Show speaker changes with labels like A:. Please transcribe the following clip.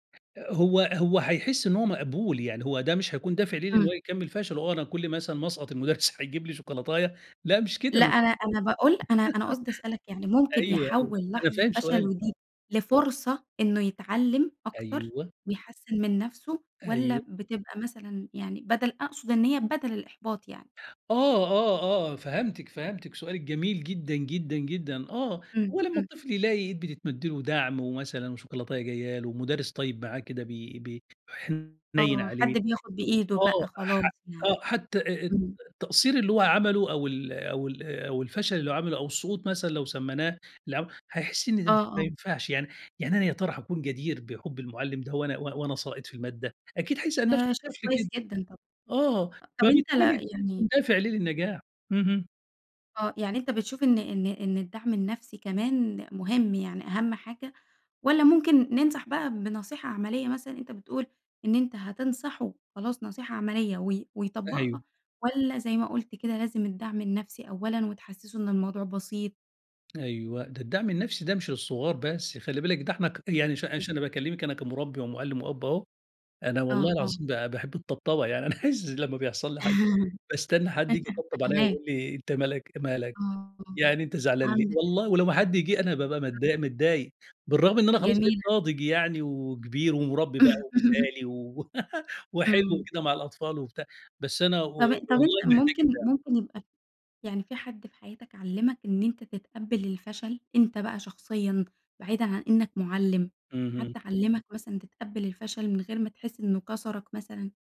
A: هو هو هيحس إن هو مقبول، يعني هو ده مش هيكون دافع ليه لإن هو
B: إمم.
A: يكمّل فشله، آه أنا كُلّ ما مثلًا أسقط المدرّس هيجيب لي شوكولاتاية، لأ مش كده،
B: لأ،
A: م
B: أنا أنا باقول أنا أنا قصدي أسألك يعني ممكن
A: أيوه أيوه،
B: يحوّل
A: أنا
B: لحظة
A: فاهم سؤالِك،
B: فشله
A: آه.
B: دي لفرصة إنّه يتعلم أكتر
A: أيوه.
B: ويحسّن من نَفسُه، والّا
A: أيوه.
B: بتبقى مثلًا يعني بدَل أقصد إن هي بدَل الإحباط يعني؟
A: آه آه آه، فهمتِك، فهمتِك، سؤالِك جميل جدًا جدًا جدًا. آه،
B: إمم،
A: هو لمّا
B: إمم.
A: الطفل يلاقي إيد بتتمَد له ودَعم ومثلًا وشوكولاتاية جايّة له، مدرّس طيّب معاه كده بي ب حنيّن
B: آه،
A: عليه،
B: حد بياخد بإيده
A: آه،
B: بقى خلاص
A: ح
B: يعني،
A: آه حتّى أ أ التق
B: امم.
A: التقصير اللي هو عمله أو ال أو ال أو الفشل اللي هو عمله أو السقوط مثلًا، لو سمّيناه، لو هيحس إن دي
B: آه،
A: م ما
B: آه.
A: ينفَعش يعني يعني أنا يا ترى هاكون جدير بحُب المُعلم ده وأنا و وأنا ساقط في المادة؟ أكيد هيسأل
B: ده
A: نَفسُه
B: شئ
A: الطفل
B: كويّس
A: كده.
B: جدًا طبعًا.
A: آه،
B: أ طَب أنت ل
A: فبالتالي هيكون
B: يعني
A: دافع ليه للنجاح، اهم.
B: آه، يعني أنت بتشوف إن إن إن الدعم النَفسي كمان مهم، يعني أهم حاجة، والّا ممكن ننصح بقى بنصيحة عملية مثلًا، أنت بتقول إن أنت هتنصحه خلاص نصيحة عملية وي ويطبّقها،
A: أيوه.
B: والّا زي ما قُلت كده، لازم الدعم النَفسي أولًا وتحسسه إن الموضوع بسيط؟
A: أيوه، ده الدعم النَفسي ده مش للصغار بس، خلّي بالِك، ده إحنا ك يعني ش
B: إمم.
A: ش أنا باكلمك، أنا كمُربّي ومُعلم وأب أهو، أنا
B: آه،
A: والله
B: آه.
A: العظيم ب باحب الطبطبة، يعني أنا عايز لمّا بيحصَل لي حاجة باستنى حد ييجي يطبطب عليَّ
B: فاهماك.
A: ويقول لي أنت مالك مالك؟
B: آه،
A: يعني أنت زعلان ليه؟
B: عندك حق.
A: والله، ولو ما حد جه أنا بابقى
B: [unintelligible]
A: متضايق متضايق، بالرغم إن أنا خلاص بقيت
B: جميلة.
A: ناضج يعني وكبير ومُربّي بقى ومثالي و وحلو
B: إمم.
A: وكده مع الأطفال وبتاع، بس أنا و
B: طَب طَب
A: والله
B: أنت
A: محتاج
B: ممكن
A: الدعم.
B: ممكن يبقى يعني في حد في حياتك علّمك إن أنت تتقبّل الفشل، أنت بقى شخصيًا، بعيدًا عن إنّك مُعلم، حد
A: اهم.
B: علّمك مثلًا تتقبل الفشل من غير ما تحس إنّه كسَرك مثلًا؟